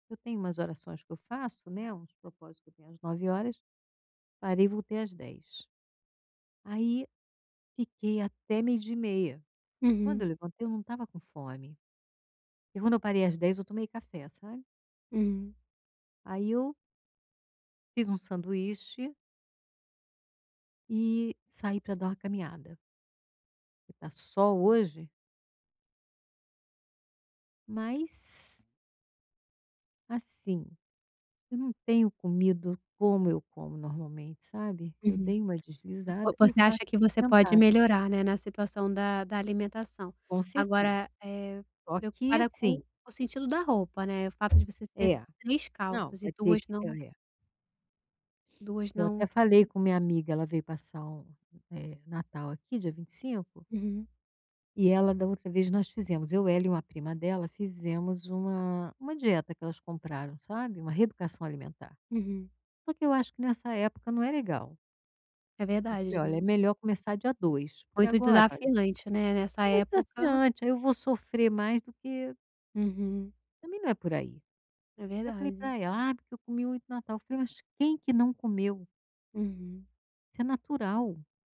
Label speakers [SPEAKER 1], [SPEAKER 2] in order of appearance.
[SPEAKER 1] Eu tenho umas orações que eu faço, né, uns propósito que eu tenho às 09:00, parei e voltei às 10:00. Aí, fiquei até 12:30. Quando eu
[SPEAKER 2] Uhum.
[SPEAKER 1] levantei, eu não estava com fome. E quando eu parei às 10:00 eu tomei café, sabe.
[SPEAKER 2] Hum.
[SPEAKER 1] Aí eu fiz um sanduíche e saí pra dar uma caminhada que tá sol hoje. Mas assim, eu não tenho comido como eu como normalmente, sabe. Eu
[SPEAKER 2] Uhum,
[SPEAKER 1] dei uma
[SPEAKER 2] vo
[SPEAKER 1] deslizada e o
[SPEAKER 2] você acha
[SPEAKER 1] fato de
[SPEAKER 2] que
[SPEAKER 1] eu
[SPEAKER 2] você pode
[SPEAKER 1] sentada.
[SPEAKER 2] melhorar, né, na situação da da alimentação.
[SPEAKER 1] Com certeza.
[SPEAKER 2] Agora, eh,
[SPEAKER 1] Só que
[SPEAKER 2] preocupada com
[SPEAKER 1] assim
[SPEAKER 2] o sentido da roupa, né, o fato de você ter
[SPEAKER 1] É,
[SPEAKER 2] 3
[SPEAKER 1] não
[SPEAKER 2] calças e
[SPEAKER 1] vai ter
[SPEAKER 2] 2
[SPEAKER 1] que,
[SPEAKER 2] não
[SPEAKER 1] é é.
[SPEAKER 2] duas
[SPEAKER 1] Eu
[SPEAKER 2] não
[SPEAKER 1] até falei
[SPEAKER 2] caber.
[SPEAKER 1] com minha amiga, ela veio passar o, eh, o Natal aqui dia 25.
[SPEAKER 2] Uhum.
[SPEAKER 1] E ela, da outra vez, nós fizemos, eu ela e uma prima dela fizemos uma uma dieta que elas compraram, sabe, uma reeducação alimentar.
[SPEAKER 2] Uhum.
[SPEAKER 1] Só que eu acho que nessa época não é legal.
[SPEAKER 2] É
[SPEAKER 1] Eu
[SPEAKER 2] verdade.
[SPEAKER 1] falei: "Olha, é melhor começar dia 2, porque
[SPEAKER 2] Muito
[SPEAKER 1] agora, olha,
[SPEAKER 2] desafiante, né, essa
[SPEAKER 1] é muito
[SPEAKER 2] época.
[SPEAKER 1] desafiante, eu vou sofrer mais do que"
[SPEAKER 2] Uhum.
[SPEAKER 1] Também não é por aí.
[SPEAKER 2] É
[SPEAKER 1] Até falei
[SPEAKER 2] verdade.
[SPEAKER 1] pra ela: "Ah, porque eu comi muito no Natal." Falei "Mas quem que não comeu?"
[SPEAKER 2] Uhum.
[SPEAKER 1] Isso é natural.